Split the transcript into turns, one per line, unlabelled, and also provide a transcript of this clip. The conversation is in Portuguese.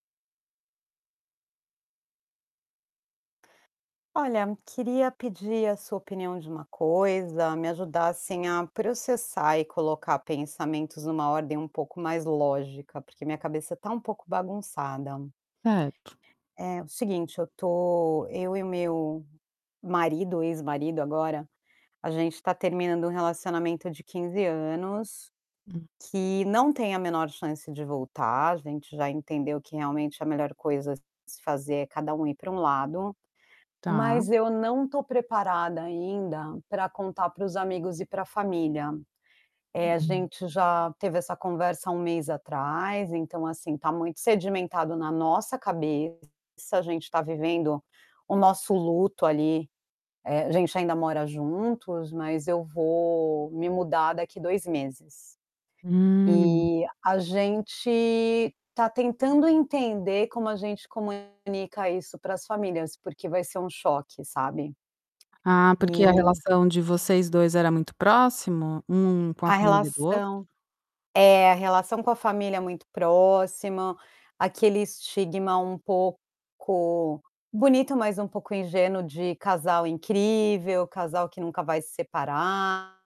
Olha, queria pedir a sua opinião de uma coisa, me ajudar, assim, a processar e colocar pensamentos numa ordem um pouco mais lógica, porque minha cabeça tá um pouco bagunçada.
É
É o seguinte, eu tô eu e o meu marido, ex-marido agora, a gente tá terminando um relacionamento de 15 anos,
Hum.
que não tem a menor chance de voltar. A gente já entendeu que realmente a melhor coisa a se fazer é cada um ir pra um lado,
Tá.
mas eu não tô preparada ainda pra contar para os amigos e pra família. Eh, a
Uhum.
gente já teve essa conversa há 1 mês atrás, então, assim, tá muito sedimentado na nossa cabeça, a gente tá vivendo o nosso luto ali, eh a gente ainda mora juntos, mas eu vou me mudar daqui 2 meses.
Hum.
E, a gente tá tentando entender como a gente comunica isso para as famílias, porque vai ser um choque, sabe.
Ah, porque a
E
relação de vocês 2 era muito próximo, um com a
A
família do outro?
relação é, a relação com a família é muito próxima, aquele estigma um pouco bonito, mas um pouco ingênuo de casal incrível, casal que nunca vai se separar